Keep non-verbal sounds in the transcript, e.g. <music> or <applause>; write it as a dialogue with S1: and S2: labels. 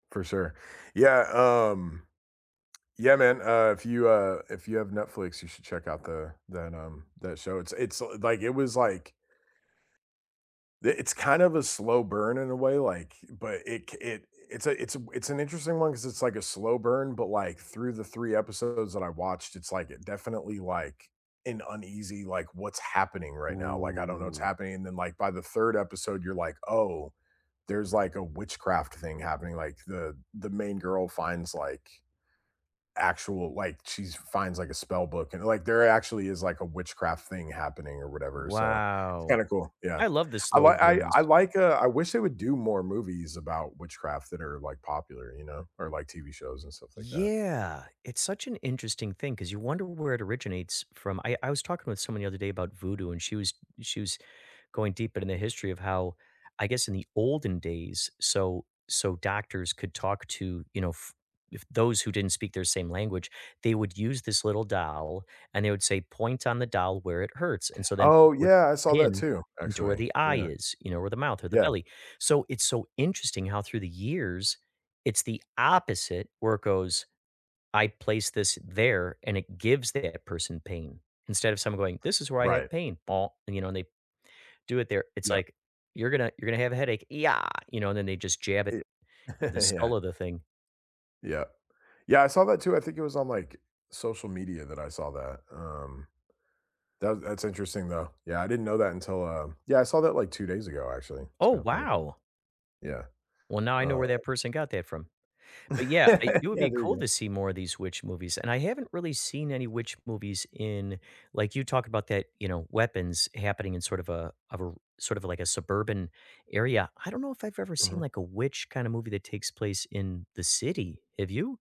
S1: For sure. Yeah, um, yeah, man, uh, if you, uh if you have Netflix, you should check out the that, um that show. It's a it's, l like it was, like it it's kind of a slow burn in a way, like but it c it it's a it's a it's an interesting one because it's like a slow burn, but, like, through the 3 episodes that I watched, it's, like, it definitely, like, an uneasy, like what's happening right now, like, I don't know what's
S2: Ooh.
S1: happening, and then like by the 3rd episode, you're like, "Oh, there's, like, a witchcraft thing happening." Like, the the main girl finds, like actual like, she's finds, like, a spell book. And, like, there actually is, like, a witchcraft thing happening or whatever, so it's
S2: Wow.
S1: kinda cool, yeah.
S2: I love the
S1: I
S2: slow
S1: li I
S2: burns.
S1: I, like, uh I wish they would do more movies about witchcraft that are, like, popular, you know, or, like, TV shows and stuff like that.
S2: Yeah, it's such an interesting thing, 'cause you wonder where it originates from. I I was talking with someone the other day about Voodoo, and she was she was going deep into the history of how, I guess in the olden days, so so doctors could talk to, you know, f if those who didn't speak their same language, they would use this little doll, and they would say point on the doll where it hurts, and so then people
S1: Oh,
S2: would
S1: yeah.
S2: put
S1: I
S2: the
S1: saw that
S2: pin
S1: too,
S2: into where
S1: actually,
S2: the eye
S1: yeah.
S2: is, you know, or the mouth or the
S1: Yeah.
S2: belly. So, it's so interesting how through the years, it's the opposite where it goes, I place this there, and it gives that person pain. Instead of someone going, this is where I have
S1: Right.
S2: pain, and, you know, and they do it there, it's
S1: Yep.
S2: like, you're gonna you're gonna have a headache, e yah you know, and then they just jab it
S1: It
S2: in the
S1: <chuckles>
S2: skull
S1: Yeah.
S2: of the thing.
S1: Yeah. Yeah, I saw that too, I think it was on, like, social media that I saw that, um Tha that's interesting, though. Yeah, I didn't know that until, uh Yeah, I saw that, like, 2 days ago, actually, it's
S2: Oh,
S1: kinda funny.
S2: wow.
S1: Yeah,
S2: Well, now I know
S1: uh
S2: where that person got that from. But, yeah, I
S1: <laughs>
S2: it would
S1: Yeah,
S2: be
S1: there you
S2: cool
S1: go.
S2: to see more of these witch movies, and I haven't really seen any witch movies in like you talk about that, you know, weapons happening in sort of a of a r sort of like a suburban area. I don't know if I've ever seen,
S1: Mhm.
S2: like, a witch kinda movie that takes place in the city. Have you?